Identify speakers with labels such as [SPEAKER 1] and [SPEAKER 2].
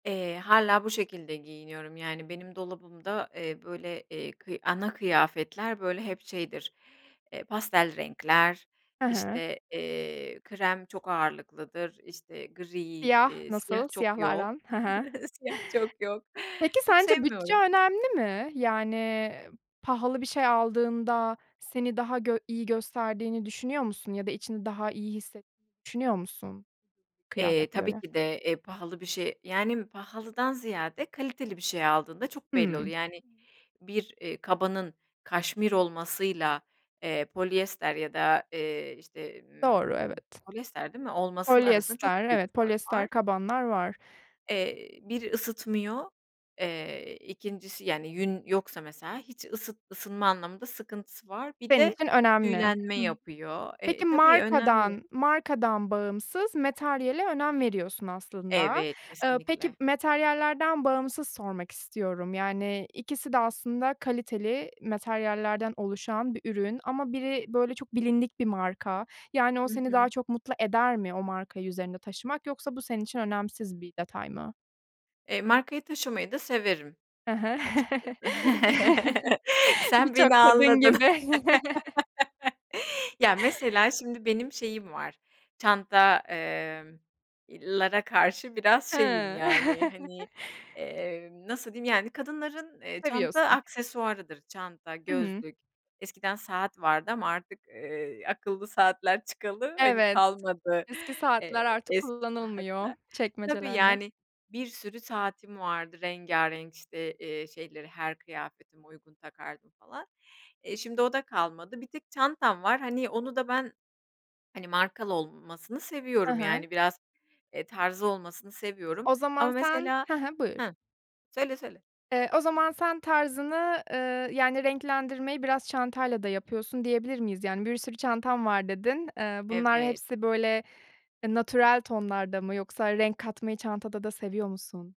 [SPEAKER 1] Eee, hâlâ bu şekilde giyiniyorum, yani, benim dolabımda, eee, böyle, eee, kıy ana kıyafetler böyle hep şeydir, eee, pastel renkler,
[SPEAKER 2] He he.
[SPEAKER 1] işte, eee, krem çok ağırlıklıdır, işte gri,
[SPEAKER 2] Siyah,
[SPEAKER 1] iii, siyah
[SPEAKER 2] nasıl
[SPEAKER 1] çok
[SPEAKER 2] siyahla
[SPEAKER 1] yok
[SPEAKER 2] aran? He he.
[SPEAKER 1] siyah çok yok,
[SPEAKER 2] Peki,
[SPEAKER 1] çok
[SPEAKER 2] sence bütçe
[SPEAKER 1] sevmiyorum.
[SPEAKER 2] önemli mi? Yani, pahalı bir şey aldığında seni daha gö iyi gösterdiğini düşünüyor musun ya da içini daha iyi hisse düşünüyor musun
[SPEAKER 1] Eee,
[SPEAKER 2] kıyafete
[SPEAKER 1] tabii
[SPEAKER 2] göre?
[SPEAKER 1] ki de, eee, pahalı bir şey yani, pahalıdan ziyade kaliteli bir şey aldığında çok belli oluyor.
[SPEAKER 2] Hımm.
[SPEAKER 1] Yani, bir, eee, kabanın kaşmir olmasıyla, eee, polyester ya da, eee, işte,
[SPEAKER 2] Doğru,
[SPEAKER 1] ımm,
[SPEAKER 2] evet.
[SPEAKER 1] polyester değil mi, olmasının arasında çok
[SPEAKER 2] Polyester,
[SPEAKER 1] büyük
[SPEAKER 2] evet
[SPEAKER 1] fark
[SPEAKER 2] polyester
[SPEAKER 1] var.
[SPEAKER 2] kabanlar var.
[SPEAKER 1] Eee, 1 ısıtmıyor, eee, 2'ncisi, yani, yün yoksa, mesela, hiç ısıt ısınma anlamında sıkıntısı var. Bir
[SPEAKER 2] Senin
[SPEAKER 1] de
[SPEAKER 2] için önemli.
[SPEAKER 1] tüylenme
[SPEAKER 2] Hımm.
[SPEAKER 1] yapıyor.
[SPEAKER 2] Peki,
[SPEAKER 1] Eee, tabii, önemli.
[SPEAKER 2] markadan markadan bağımsız materyale önem veriyorsun aslında.
[SPEAKER 1] Evet,
[SPEAKER 2] Iıı, peki
[SPEAKER 1] kesinlikle.
[SPEAKER 2] materyallerden bağımsız sormak istiyorum, yani ikisi de aslında kaliteli materyallerden oluşan bir ürün ama biri, böyle, çok bilindik bir marka, yani o
[SPEAKER 1] Hı
[SPEAKER 2] seni daha
[SPEAKER 1] hı.
[SPEAKER 2] çok mutlu eder mi o markayı üzerinde taşımak? Yoksa bu senin için önemsiz bir detay mı?
[SPEAKER 1] Eee, markayı taşımayı da severim,
[SPEAKER 2] He he.
[SPEAKER 1] açıkçası. Sen
[SPEAKER 2] Birçok
[SPEAKER 1] beni
[SPEAKER 2] kadın
[SPEAKER 1] anladın.
[SPEAKER 2] gibi.
[SPEAKER 1] Ya mesela, şimdi benim şeyim var, çanta emm, iii, lara karşı biraz şeyim
[SPEAKER 2] Hıı.
[SPEAKER 1] yani, hani, emm, nasıl diyeyim, yani, kadınların, eee, çanta
[SPEAKER 2] Seviyorsun.
[SPEAKER 1] aksesuarıdır, çanta,
[SPEAKER 2] Hı hı.
[SPEAKER 1] gözlük, eskiden saat vardı ama artık, eee, akıllı saatler çıkalı, hani,
[SPEAKER 2] Evet.
[SPEAKER 1] kalmadı,
[SPEAKER 2] Eski saatler
[SPEAKER 1] eee,
[SPEAKER 2] artık
[SPEAKER 1] eski
[SPEAKER 2] kullanılmıyor
[SPEAKER 1] saatler. Tabii,
[SPEAKER 2] çekmecelerde.
[SPEAKER 1] yani, bir sürü saatim vardı rengarenk, işte, eee, şeyleri her kıyafetime uygun takardım falan, eee, şimdi o da kalmadı bir tek çantam var, hani, onu da ben, hani, markalı olmasını
[SPEAKER 2] Ha
[SPEAKER 1] seviyorum
[SPEAKER 2] ha.
[SPEAKER 1] yani, biraz, eee, tarzı olmasını seviyorum
[SPEAKER 2] O
[SPEAKER 1] ama
[SPEAKER 2] zaman sen
[SPEAKER 1] mesela
[SPEAKER 2] hı hı, buyur.
[SPEAKER 1] hıh, söyle, söyle.
[SPEAKER 2] Eee, o zaman sen tarzını, eee, yani, renklendirmeyi biraz çantayla da yapıyorsun, diyebilir miyiz? Yani, bir sürü bir çantam var dedin. Eee, bunlar
[SPEAKER 1] Evet.
[SPEAKER 2] hepsi böyle, ııı, natural tonlarda mı yoksa renk katmayı çantada da seviyor musun?